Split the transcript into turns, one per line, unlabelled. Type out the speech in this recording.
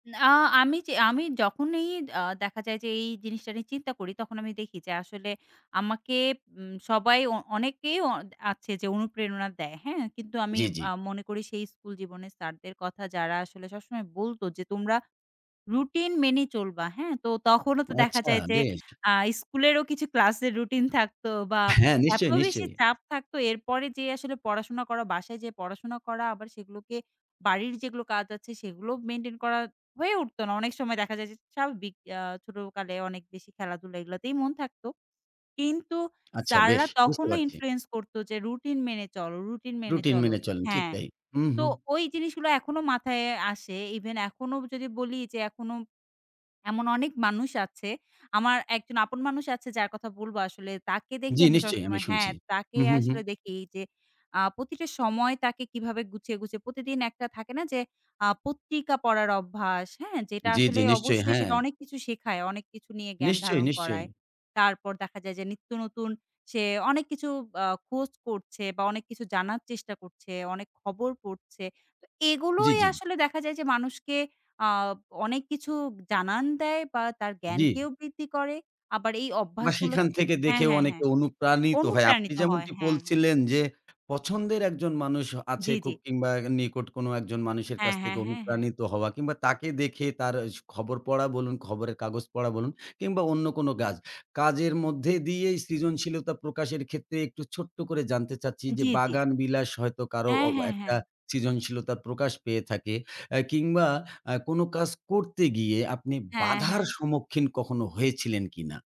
না, আমি যে আমি যখনই আ দেখা যায় যে এই জিনিসটা নিয়ে চিন্তা করি তখন আমি দেখি যে আসলে আমাকে, উম সবাই অ অনেকেই অ আছে যে অনুপ্রেরণা দেয়। হ্যাঁ? কিন্তু আমি
জি, জি।
আ মনে করি সেই স্কুল জীবনের স্যারদের কথা যারা আসলে সবসময় বলত যে তোমরা রুটিন মেনে চলবা, হ্যাঁ? তো তখনও তো দেখা
আচ্ছা।
যায় যে
বেশ।
আ স্কুলেরও কিছু ক্লাসের রুটিন থাকতো বা
হ্যাঁ,
এত
নিশ্চয়ই,
বেশি
নিশ্চয়ই।
চাপ থাকতো এরপরে যে আসলে পড়াশোনা করা, বাসায় যেয়ে পড়াশোনা করা আবার সেগুলোকে বাড়ির যেগুলো কাজ আছে সেগুলো মেইনটেইন করা হয়ে উঠত না। অনেক সময় দেখা যায় যে স্বাভাবিক আ ছোটকালে অনেক বেশি খেলাধুলা এগুলোতেই মন থাকতো। কিন্তু
আচ্ছা বেশ।
স্যাররা
বুঝতে
তখনো
পারছি।
ইনফ্লুয়েন্স করতো যে রুটিন মেনে চলো, রুটিন মেনে
রুটিন
চলো,
মেনে চলেন, ঠিক
হ্যাঁ,
তাই। উ
তো
হু।
ওই জিনিস গুলো এখনো মাথায় আসে ইভেন এখনো যদি বলি যে এখনো এমন অনেক মানুষ আছে। আমার একজন আপন মানুষ আছে, যার কথা বলবো আসলে তাকে দেখি
জি,
আমি
নিশ্চয়ই আমি
সবসময় হ্যাঁ,
শুনছি।
তাকে
উ হু, হু।
আসলে দেখি যে আ প্রতিটা সময় তাকে কিভাবে গুছিয়ে, গুছিয়ে প্রতিদিন একটা থাকে না যে আ পত্রিকা পড়ার অভ্যাস, হ্যাঁ? যেটা
জি,
আসলে
জি, নিশ্চয়ই
অবশ্যই
হ্যাঁ।
সেটা অনেক কিছু শেখায়। অনেক কিছু নিয়ে জ্ঞান
নিশ্চয়ই,
ধারণ
নিশ্চয়ই।
করায়। তারপর দেখা যায় যে নিত্য নতুন সে অনেক কিছু আ খোঁজ করছে বা অনেক কিছু জানার চেষ্টা করছে, অনেক খবর পড়ছে। তো
জি,
এগুলোই
জি।
আসলে দেখা যায় যে মানুষকে আ অনেক কিছু জানান দেয় বা তার
জি।
জ্ঞানকেও বৃদ্ধি করে। আবার এই
বা
অভ্যাসগুলো
সেখান থেকে
হ্যাঁ,
দেখেও
হ্যাঁ, হ্যাঁ।
অনেকটা অনুপ্রাণিত হয়। আপনি
অনুপ্রাণিত হয়,
যেমনটি
হ্যাঁ।
বলছিলেন যে, পছন্দের একজন মানুষ আছে,
জি, জি।
খুব কিংবা নিকট কোনো একজন মানুষের
হ্যাঁ,
কাছ
হ্যাঁ,
থেকে
হ্যাঁ, হ্যাঁ।
অনুপ্রাণিত হওয়া। কিংবা তাকে দেখে তার স খবর পড়া বলুন, খবরের কাগজ পড়া বলুন কিংবা অন্য কোনো কাজ। কাজের মধ্যে দিয়েই সৃজনশীলতা প্রকাশের ক্ষেত্রে একটু ছোট্ট করে জানতে চাচ্ছি
আ
যে,
জি, জি।
বাগান বিলাস হয়তো কারো
হ্যাঁ,
অ
হ্যাঁ,
একটা
হ্যাঁ।
সৃজনশীলতার প্রকাশ পেয়ে থাকে। আ কিংবা আ কোনো কাজ করতে গিয়ে আপনি
হ্যাঁ,
বাধার
হ্যাঁ।
সম্মুখীন কখনো হয়েছিলেন কিনা?